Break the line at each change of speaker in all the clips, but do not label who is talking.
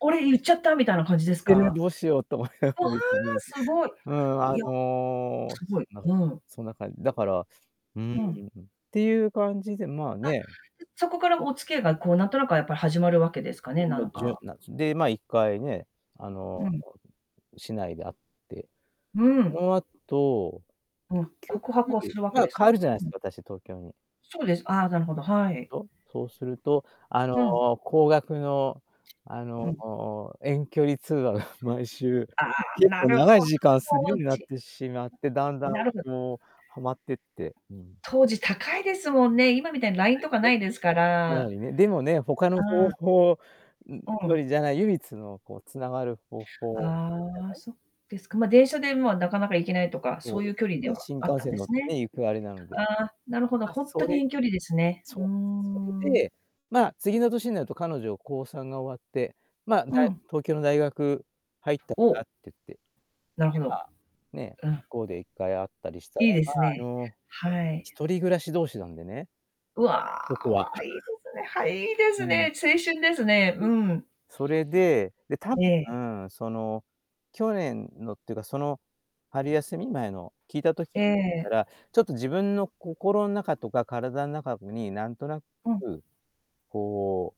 これ、言っちゃったみたい
いえい
な感じです
え、でね、
か？
どうしようと思いなが
ああ、
らですね。
すごい。
うん、あ
いや、
の、
すご
す
い、
んなそんな
うん。
そんな感じ、だから、うん、っ
うん。
ていう感じでまあ
あ、
ね。
うそこからお付き合いがこう何となく、あ、やっぱり始まるわけですか
う
ね、
ん、
な
も
ん
じゅ
か。
なんす。で、まあ1回ね、あの、
うん。
市内で会って。
うー
そ
ん。
の後、
うん、告白
結
をす
局、
るわ
ま
け
あ
です
帰
か？
るじゃないで
う
す
ん。
か、私東京に。
そうです、ああ、なるほど、はい。
とそうすると、あ
うん。
の、高額の、あ
う
の、
ん。
遠距離通話が毎週、
ああ、
結
な
構
る
長い
ほど。
時間するように
[unintelligible]
なっ
ち
てしまって、だんだ
う
ん
なるほど。
こうはまってって、うん
当時高いですもんね。今みたいにライン
はい、
とかない
で
ですか
は
ら
いね、でもね、他
あ
の方
あ。
法ん
う
よ
ん。
りじゃない、唯一のこう繋がる方法
ああ、そうです
じ
か。
ゃない？う
ま、
ん。
電車で、ま、なかなか行けないとか、
そ
そ
う
うい
で
う距離
す
で
ね、
は
新
あっ
幹
たん
線
で
乗っ
す
て
ね。
ね、行くあれなので。
ああ、なるほど、
あ、
ほんと
そ
に
れ。
遠距離ですね。う
そ
ー
うなんすよ。それ
ん。
で、ま、次の年になると彼女高3が終わって、ま、だ
うん。
東京の大学入ったってなっ
お。
てって、
なるほ
で、ま
ど。
あ、ね、
うん。
向こうで1回会ったりしたら、
いいで
まあ、
す
あ
ね、
の、
はい。
一人暮らし同士なんでね。
うわ
ここ
う
は。
わ、いいで すね、はい、いいで
う
すね、
ん。
青春ですね、
う
う
ん、
ん。
それで、で、多
ええ。
分、その、去年のっていうか、その、春休み前の聞いた時あたりか
ええ
ら、ちょっと自分の心の中とか体の中こになんとなく、
うん。
こ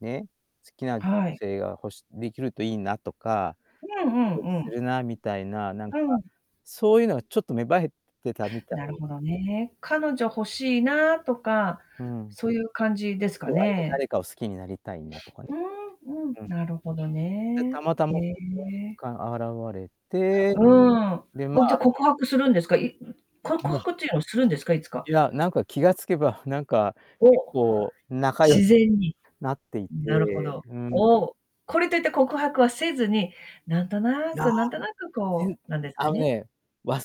う、ね、好きな女
はい。
性が欲しできるといいなとか、
うん
ド
う
キドキ
んう
する
ん。
なみたいな、なん
う
か、
ん。
そういうのがちょっと芽生えてたみた
なる
い。
ほどね、彼女欲しいなとか、
うん。
そういう感じですか
そう、あれは
ね？
誰かを好きになりたいんだとかね。
うんうん、
うん。
なるほど
で、た
ね。
またま、
へ
[unintelligible]
え。
現れて。
うん、わ
で、ま
じゃあ
あ
告白するんですか？い
いや、
こ告
もう
白っていうのはするんですか？いつか？
いや、なんか、気がつけば、なんか、結
お、
構仲良
自
し
然に、
なってい
なるほ
て、
ど。
うん。
おお、これといって告白はせずに、なんと
い
な
や、
くなんとなく、
ぜ
こ
ん
う、何です
あ
か
の、
ね、
ね、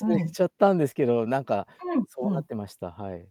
う
れ
ん。
ちゃったんですけど、なんか、
う
そう
んう
なっ
ん。
てました、はい。